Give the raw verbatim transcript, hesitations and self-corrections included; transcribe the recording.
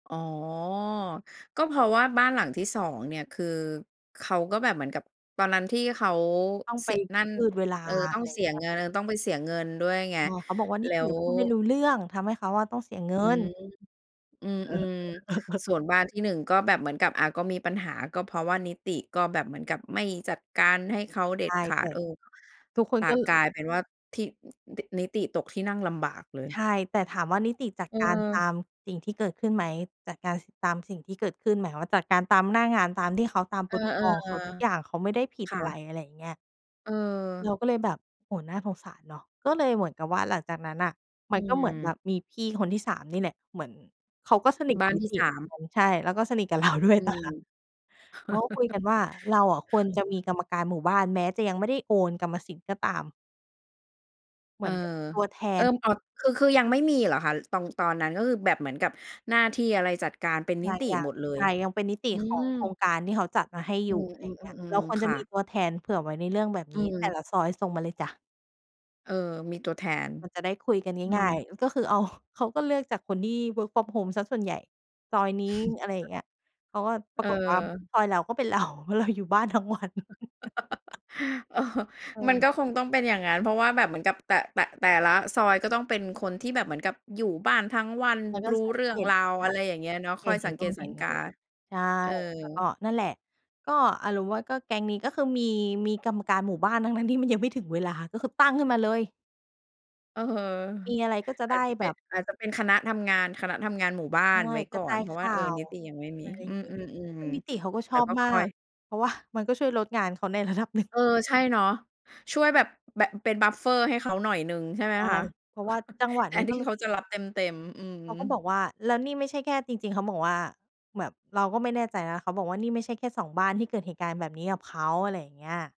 อ๋อ ก็เพราะว่าบ้านหลังที่ สอง เนี่ย คือเขาก็แบบเหมือนกับ ตอนนั้นที่เขาต้องไเสป ีย นั่น ยืดเวลา เอ่อ ต้ออะงไรอเยส่ีางเยงี้ย งาน ต้องไปเสียเงินด้วยไง เออ เขาบอกว่า "นแิล้ติว อะพูดไม่รู้เรื่อง ทำให้เขาอะต้องเสีย เงิอืน" ม อืเออ อ ๆ ส่วนบ้านที่หนึ่งก็แบบเหมือนกับ อะ ก็มีปัญหา ก็เพราะว่านิติก็แบบเหมือนกับไม่จัดการให้เขาเดใ็ชด่ ขาแต่ด เออ ทุกคต นก็ กลายเป็นว่าที่ อ ต นิติตกที่นั่งลำบากเลใชย ่ แต่ถามว่านิติจัดการตาเออ มสิ่งที่เกิดขึ้นไหม? จัดการ ส ตามสิ่งที่เกิดขึ้นหมายความว่าจัดการตามหน้างาน ตามที่เขา ตาม เออ Protocol ของเขาทุกอย่างเขาไม่ได้ผิๆ ดค่อะไร ะ อะไรอย่างเงี้ย เราเออ ก็เลยแบบ โอ้โฮ น่าสงสารเนาะ ก็เลยเหมือนกับว่าหลังจากนั้นน่ะ มอืันก็เหมือนแบอ บมีพี่คนที่ สาม นี่แหละ เหมือนเขาก็สนิทบก้าับนนิที่ ติสาเหมือม นกัน ใช่ แล้วก็สนิทกับเราด้วย อืตายแลม ้ว เขาก็คุยกันว่า "เราอะควรจะมีกรรมการหมู่บ้าน แม้จะยังไม่ได้โอนกรรมสิทธิ์ก็ตาม" เเหอมือ อนเป็นเป็นตัวแทเออ น อ๋อ คือ คือยังไม่มีเหรอคะ? ตอง ตอนนั้น ก็คือแบบเหมือนกับหน้าที่อะไรจัดการเป็นนิติยัหมง ดเลๆ ใย? ช่ ยังเป็นนิตอืิขอม งโครงการที่เขาจัดมาให้ออืยู่ อะไรอย่างเงี้ย เราอ ๆ คๆ วรๆ คจะ่มีะ ตัวแทนเผื่อไว้ในเรื่องแบบอืนี้ แต่ม ละซอยส่งมาเลยจ๊ะ เออ มีตัวแทน มันจะได้คุยกันอืง่อ าย ๆ ก็คือเอา เขาก็เลือกจากคนที่ work from home เสียส่วนใหญ่ ซอยนี้ อะไรอย่างเงี้ย เขาก็ ปเรอากฏว่า อ ซอยเราก็เป็น เรา เพราะเราอยู่บ้านทั้งวัน เออ ใชมัน่ ก็คงต้องเป็นอย่างงั้น เพราะว่าแบบเหมือนกับแต่ แต่ แต่ละซอยก็ต้องเป็นคนที่แบบเหมือนกับอยู่บ้านทั้งวันแล้วก็รู้สาเรืเ่หองตรุาว อะไรอย่างเงี้ยเนาะ คอย่อายง เห็น เหส็ันงเกนู่ตนสเหั็งนนกี่ า ใช่ เอแล้วกอ ็นั่นแหละ ก็อารมณ์ว่าก็แก๊งนี้ก็คือมี มีกรรมการหมู่บ้าน ทั้ง ๆ ที่มันยังไม่ถึงเวลา ก็คือตั้งขึ้นมาเลย เออ มีอะไรก็จะอไาดจ้จะเแปบ็น บ อาจจะเป็นคณะทำงาน คณะทำงานหมู่บ้าใช่ นไว้กกร่ะอจาน ยเพราขะว่า ่าเออ ว นิติยังไม่มอี ะไรอย่อาืงงี้ ซอ ึ่งนิติๆ เขาก็ๆ ชแล้อวบก็มคา่อย ก เพราะ ว่า มันก็ช่วยลดงานเขาใน ระดับหนึ่ง เออ ใช่เนาะ ช่วยแบบ แบบเป็น บัฟเฟอร์ ให้เขาหน่อยหนึ่งใชใช่ไหม่ คะ? เพราะว่าจังหวะแทนี้นทกี็่เลเขย าจะรับเต็ม ๆ อือ เขาก็บอกว่า แล้วนี่ไม่ใช่แค่ จริง ๆ เขาบอกว่า แบบเราก็ไม่แน่ใจนะ เขาบอกว่า "นี่ไม่ใช่แค่ สอง บ้านที่เกิดเหตุการณ์แบบนี้กับเขา" อะไรอย่างเงี้ย